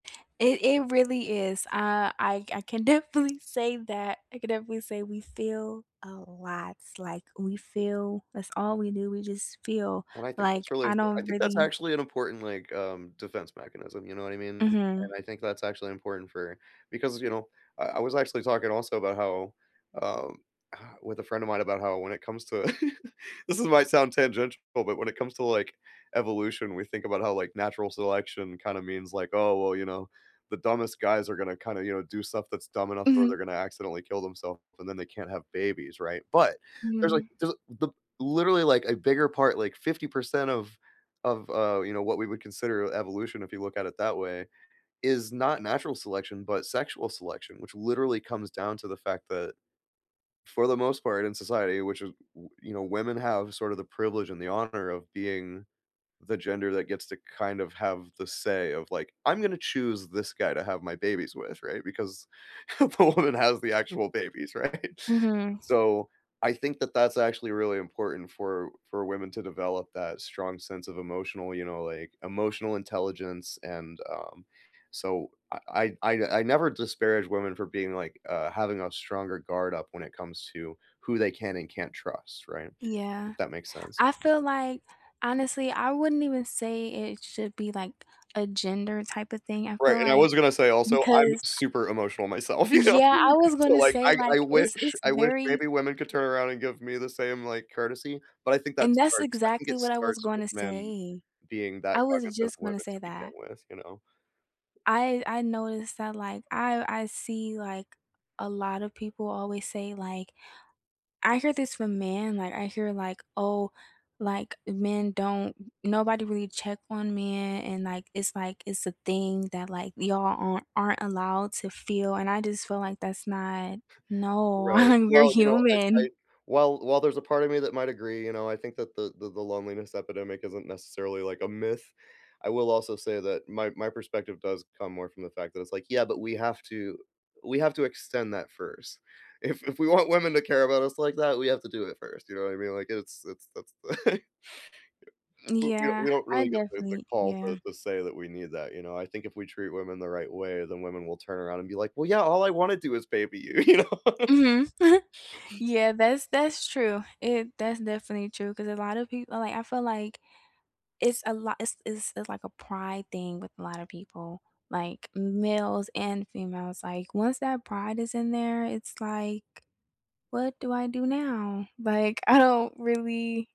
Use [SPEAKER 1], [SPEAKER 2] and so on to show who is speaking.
[SPEAKER 1] It it really is. Uh, I I can definitely say that I can definitely say we feel a lot, like, we feel that's all we do. We just feel
[SPEAKER 2] And I think that's
[SPEAKER 1] like,
[SPEAKER 2] really
[SPEAKER 1] I
[SPEAKER 2] I
[SPEAKER 1] don't
[SPEAKER 2] think that's
[SPEAKER 1] really
[SPEAKER 2] actually an important, like, um, defense mechanism, you know what I mean?
[SPEAKER 1] Mhm.
[SPEAKER 2] And I think that's actually important for because, you know I I was actually talking, also, about how, um, uh with a friend of mine about how when it comes to, this is my sound tangent but wh when it comes to, like, evolution we think about how like, natural selection kinda means, like, "Oh, well, you know, the dumbest guys are gonna kinda, you know, do stuff that's dumb enough or
[SPEAKER 1] Mhm.
[SPEAKER 2] they're gonna accidentally kill themselves, and then they can't have babies," right? But there like,
[SPEAKER 1] Mm.
[SPEAKER 2] there's the literally like, a bigger part like, 50% of of, uh, you know, what we would consider evolution if you look at it that way, is not natural selection, but sexual selection, which literally comes down to the fact that for the most part in society, which is, uh w you know, women have sort of the privilege and the honor of being the gender that gets to kind of have the say of, like, "I'm gonna choose this guy to have my babies with," right? Because, the woman has the actual babies, right?
[SPEAKER 1] Mhm.
[SPEAKER 2] So, I think that that's actually really important for for women to develop that strong sense of emotional you know, like emotional intelligence, and, um so, I I I I never disparage women for being, like, uh having a stronger guard up when it comes to, who they can and can't trust, right?
[SPEAKER 1] Yeah.
[SPEAKER 2] If that makes sense.
[SPEAKER 1] I feel like honestly, I wouldn't even say it should be, like, a gender type of thing, I
[SPEAKER 2] Right,
[SPEAKER 1] feel
[SPEAKER 2] and I
[SPEAKER 1] like
[SPEAKER 2] was gonna say also, I'm
[SPEAKER 1] because I
[SPEAKER 2] super emotional myself, you know?
[SPEAKER 1] Yeah I was
[SPEAKER 2] So,
[SPEAKER 1] gonna
[SPEAKER 2] like,
[SPEAKER 1] say,
[SPEAKER 2] I
[SPEAKER 1] like
[SPEAKER 2] I
[SPEAKER 1] is
[SPEAKER 2] wish
[SPEAKER 1] it's
[SPEAKER 2] I wish
[SPEAKER 1] very
[SPEAKER 2] maybe women could turn around and give me the same, like, courtesy, but I think that
[SPEAKER 1] And that's
[SPEAKER 2] starts I I think
[SPEAKER 1] exactly
[SPEAKER 2] it
[SPEAKER 1] what I was
[SPEAKER 2] starts with
[SPEAKER 1] gonna
[SPEAKER 2] men
[SPEAKER 1] say.
[SPEAKER 2] being
[SPEAKER 1] I
[SPEAKER 2] that
[SPEAKER 1] was
[SPEAKER 2] cognizant of
[SPEAKER 1] just
[SPEAKER 2] women
[SPEAKER 1] gonna say
[SPEAKER 2] to begin
[SPEAKER 1] that.
[SPEAKER 2] with, you know?
[SPEAKER 1] I I noticed that, like I I see, like, a lotta people always say, like I hear this from men, like, I hear, like, "Oh, like, men don't m nobody really check on men," and, like it's, like it's a thing that, like, y'all a aren't allowed to feel, and I d just feel, like, that's not no,
[SPEAKER 2] Right.
[SPEAKER 1] you're
[SPEAKER 2] Well, you know, I I
[SPEAKER 1] human.
[SPEAKER 2] while while there's a part of me that might agree, you know, I think that the the the loneliness epidemic isn't necessarily, like, a myth. I will also say that my my perspective does come more from the fact that it's, like, "Yeah, but we have to we have to extend that first. If if we want women to care about us like that, we have to do it first," you know what I mean? Like, it's it's that's
[SPEAKER 1] M
[SPEAKER 2] We we
[SPEAKER 1] Yeah.
[SPEAKER 2] we don't
[SPEAKER 1] I
[SPEAKER 2] really get the the
[SPEAKER 1] definitely
[SPEAKER 2] call to
[SPEAKER 1] yeah.
[SPEAKER 2] to say that we need that, you know? I think if we treat women the right way, then women will turn around and be, like, "Well, yeah all I wanna do is baby you, you know?"
[SPEAKER 1] Mhm. Yeah, that's that's true. It that's definitely true, 'cause a lotta people like, I feel, like it's a lot it's it's, like, a pride thing with a lotta people, like, m males and females, like once that pride is in there, it's, like "What do I do now? Like, I don't really"